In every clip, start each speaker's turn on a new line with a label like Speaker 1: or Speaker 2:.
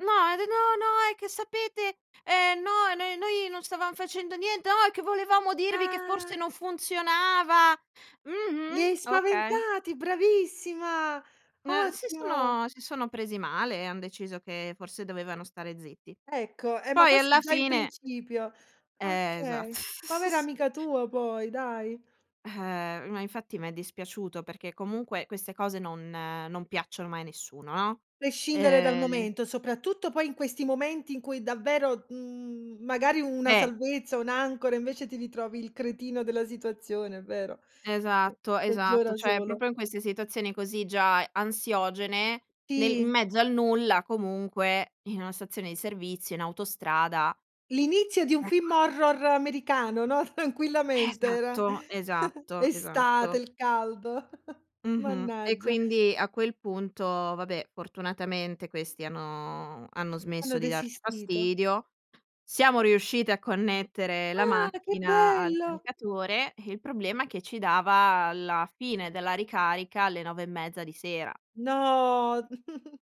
Speaker 1: No, ed no, no. È che sapete, ehm, no, n noi non stavam facendo niente. Oh, è che volevamo dirvi che forse
Speaker 2: Ah!
Speaker 1: non funzionava.
Speaker 2: Li
Speaker 1: Mh-mh.
Speaker 2: hai
Speaker 1: Okay.
Speaker 2: spaventati, bravissima,
Speaker 1: N si
Speaker 2: ottimo.
Speaker 1: sono si sono presi male, e han deciso che forse dovevano stare zitti.
Speaker 2: Ecco. Eh, ma
Speaker 1: Poi,
Speaker 2: forse
Speaker 1: alla
Speaker 2: già in
Speaker 1: fine
Speaker 2: principio.
Speaker 1: Eh, esatt
Speaker 2: Okay. Povera amica tua poi, dai.
Speaker 1: Eh, ma infatti mi è dispiaciuto perché, comunque, queste cose non non piacciono mai a nessuno, no?
Speaker 2: Prescindere dal
Speaker 1: Ehm
Speaker 2: momento, soprattutto poi in questi momenti in cui davvero, mhmm, magari una
Speaker 1: Eh.
Speaker 2: salvezza, un'ancora, invece, ti ritrovi il cretino della situazione, è vero? Che
Speaker 1: Esatto. Esatto.
Speaker 2: peggiora
Speaker 1: Cioè,
Speaker 2: solo.
Speaker 1: proprio in queste situazioni così già ansiogene, nel in
Speaker 2: Sì.
Speaker 1: mezzo al nulla, comunque, in una stazione di servizio, in autostrada
Speaker 2: L'inizio di un film
Speaker 1: Ecco.
Speaker 2: horror americano, no, tranquillamente, era
Speaker 1: Esatto, esatto,
Speaker 2: estate,
Speaker 1: esatto.
Speaker 2: il caldo.
Speaker 1: Mh-mh. E,
Speaker 2: Mannaggia.
Speaker 1: quindi, a quel punto, vabbè, fortunatamente questi hanno hanno
Speaker 2: Hanno
Speaker 1: smesso di darci
Speaker 2: desistito.
Speaker 1: fastidio. Siamo riuscite a connettere la
Speaker 2: Ah, che
Speaker 1: macchina al
Speaker 2: bello!
Speaker 1: caricatore, e il problema che ci dava la fine della ricarica alle 9 e mezza di sera.
Speaker 2: No,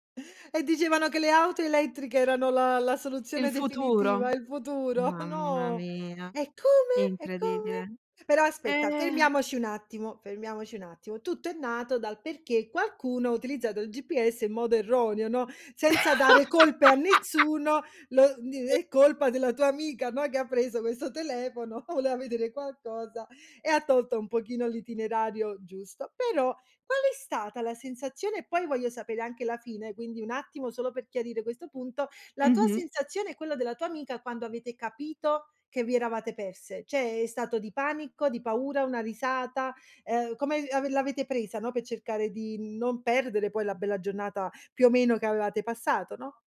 Speaker 2: e dicevano che le auto elettriche erano la la
Speaker 1: Il
Speaker 2: soluzione
Speaker 1: futuro.
Speaker 2: definitiva, il futuro,
Speaker 1: Mamma
Speaker 2: no.
Speaker 1: mia,
Speaker 2: E come? E come?
Speaker 1: incredibile.
Speaker 2: Però aspetta,
Speaker 1: Eh.
Speaker 2: fermiamoci un attimo, fermiamoci un attimo. Tutto è nato dal perché qualcuno ha utilizzato il GPS in modo erroneo, no, senza dare colpe a nessuno, lo d è
Speaker 1: [unintelligible]
Speaker 2: colpa della tua amica, no, che ha preso questo telefono, voleva vedere qualcosa e ha tolto un pochino l'itinerario giusto. Però, qual è stata la sensazione e, poi, voglio sapere anche la fine, quindi, un attimo solo per chiarire questo punto, la tua
Speaker 1: Mh-mh.
Speaker 2: sensazione e quello della tua amica, quando avete capito che vi eravate perse? Cioè, è stato di panico, di paura, una risata, uhm, come av l'avete presa, no, per cercare di non perdere poi la bella giornata, più o meno, che avevate passato, no?